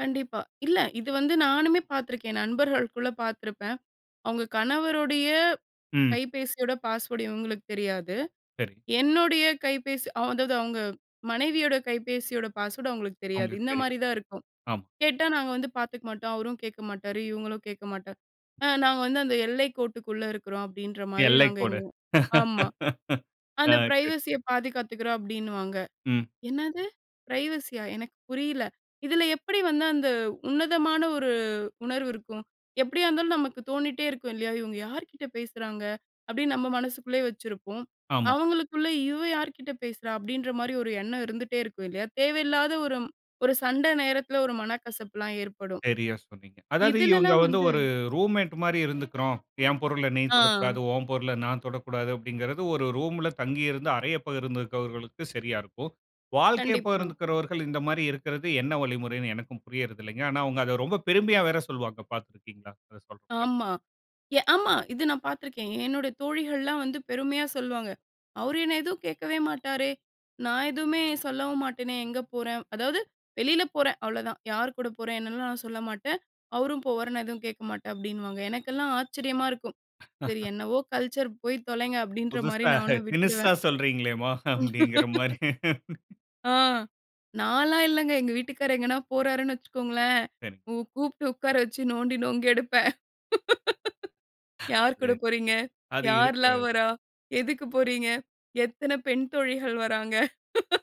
கண்டிப்பா. இல்ல. இது வந்து நானுமே பார்த்துருக்கேன். நண்பர்களுக்குள்ள பார்த்துருப்பேன். அவுங்க கணவருடைய ம். கைபேசியோட பாஸ்வேர்ட் இவுங்களுக்கு தெரியாது. சரி. என்னுடைய கைபேசி, அ, அதாவது அவுங்க மனைவியோட கைபேசியோட பாஸ்வேர்ட் அவுங்களுக்கு தெரியாது. அவுங்களுக்கு இந்த தெரியும். மாரி தா இருக்கும். ஆமா. கேட்டா நாங்க வந்து பாத்துக்க மாட்டோம். அவரு கேக்க மாட்டாரு. இவுங்களும் கேக்க மாட்டேன். அ, நாங்க வந்து அந்த எல்லை கோட்டுக்குள்ள இருக்கிறோம் அப்டின்ற மாரி எல்லை நாங்க கோடு. எங்க, உ, ஆமா. ஆ. அந்த சரி. பிரைவசிய சரி. பாதுகாத்துக்கிறோம் அப்டின்னுவாங்க. ம். என்னது? ப்ரைவசியா? எனக்கு புரியல. இதுல எப்டி வந்து அந்த உன்னதமான ஒரு உணர்வு இருக்கும். எப்படியா இருந்தாலு நமக்கு தோனிட்டே இருக்கும். இல்லையா? இங்வுக யார்கிட்ட பேசுறாங்க அப்டின்னு நம்ம மனசுக்குள்ளேயே வச்சிருப்போம். ஆமா. அவுங்களுக்குள்ள இவ யார்கிட்ட பேசுறா அப்டின்ற மாரி ஒரு எண்ணம் இருந்துட்டே இருக்கும். இல்லையா? தேவையில்லாத ஒரு ஒரு சண்ட நேரத்துல ஒரு மனக்கசப்புலாம் ஏற்படும். சரியா சொன்னீங்க. அதாவது இவுங்க இதுலல்லாம் வந்து வந்து ஒரு ரூம்மேட் மாரி இருந்துக்குறோம். என் பொருள நீ தொடக்கூடாது, ஆ. ஒன் பொருள நான் தொடக்கூடாது அப்டிங்கிறது ஒரு ரூம்ல தங்கி இருந்து அறைய பகிர்ந்திருக்கிறவர்களுக்கு சரியா இருக்கும். வாழ்க்கைய கண்டிப்பா. பகிர்ந்துகிறவர்கள் இந்த மாரி இருக்கிறது என்ன வழிமுறைனு எனக்கும் புரிறதில்லங்க. ஆனா, அவுங்க அத ரொம்ப பெருமையா வேற சொல்லுவாங்க பார்த்திருக்கீங்களா? இது சொல்லுறப்ப. ஆமா. ஆமா. இது நா பார்த்துருக்கேன். என்னுடைய தோழிகள்லாம் வந்து பெருமையா சொல்லுவாங்க. அவரு என்ன எதுவு கேக்கவே மாட்டாரே. நா எதுவுமே சொல்லவு மாட்டேனே. எங்க போறேன். அதாவது வெளில போறே அவ்ளோதா. யார் கூட போறே என்னலாம் நான் சொல்ல மாட்டேன். அவரும் போவாரு நான் எதுவும் கேக்க மாட்டேன் அப்டின்னுவாங்க. எனக்கெல்லாம் ஆச்சரியமா இருக்கும். சரி .என்னவோ கல்ச்சர் போயி தொலைங்க அப்டின்ற மாரி புதுசா. நானும் தினுஷா விட்டுடுவேன். சொல்றீங்களேமா அப்டிங்கிற மாதிரி. ஆ. நான்லா இல்லங்க. எங்க வீட்டுக்காரரு எங்கனா போறார்னு வச்சுக்கோங்களே? சரிங்க. கூ, கூப்ட்டு உக்கார வச்சு நோண்டி நொங்கெடுப்பேன். யார் அது. கூட போகிறீங்க? அது யார்ல்லாம் இருக்கிறது. வர்றா? எதுக்கு போறீங்க? எத்தன பெண் தோழிகள் வராங்க?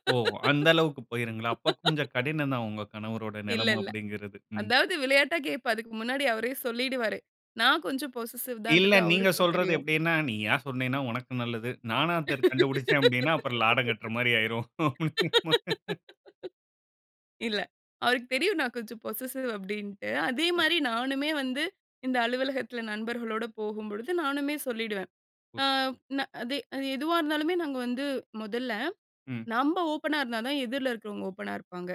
ஓ! அந்த அளவுக்கு போயிருங்களா? அப்ப கொஞ்சம் கடினம்தா, உங்க கணவரோட இல்ல. நெலம இல்-ல. அப்டிங்கிறது. ம். அதாவது விளையாட்டா கேட்பேன். அதுக்கு முன்னாடி அவரே சொல்லிடுவாரு. நா கொஞ்சம் பொசசிவ் இல்ல, தான்டு நீங்க அவுருக்கும் சொல்றது தெரியும். எப்டினா, நீயா சொன்னேனா உனக்கு நல்லது. நானா தெரிஞ், கண்டுபுடுச்சே அப்டினா, அப்புறம் லாடம் கட்ற மாரி ஆயிரும். அப்டிங்கிற மாரி. இல்ல. அவுருக்கு தெரியு நா கொஞ்சம் பொசசிவ் அப்டின்ட்டு. அதே புரியுது. மாரி நானுமே வந்து இந்த அலுவலகத்துல நண்பர்களோட போகும்பொழுது நானுமே சொல்லிடுவேன். ஓர்க். ஆ, அது அது எதுவா இருந்தாலுமே நாங்க வந்து மொதல்ல ம். நம்ம ஓப்பானா இருந்தா தா, எதிர்ல இருக்கிறவங்க ஓப்பானா இருப்பாங்க.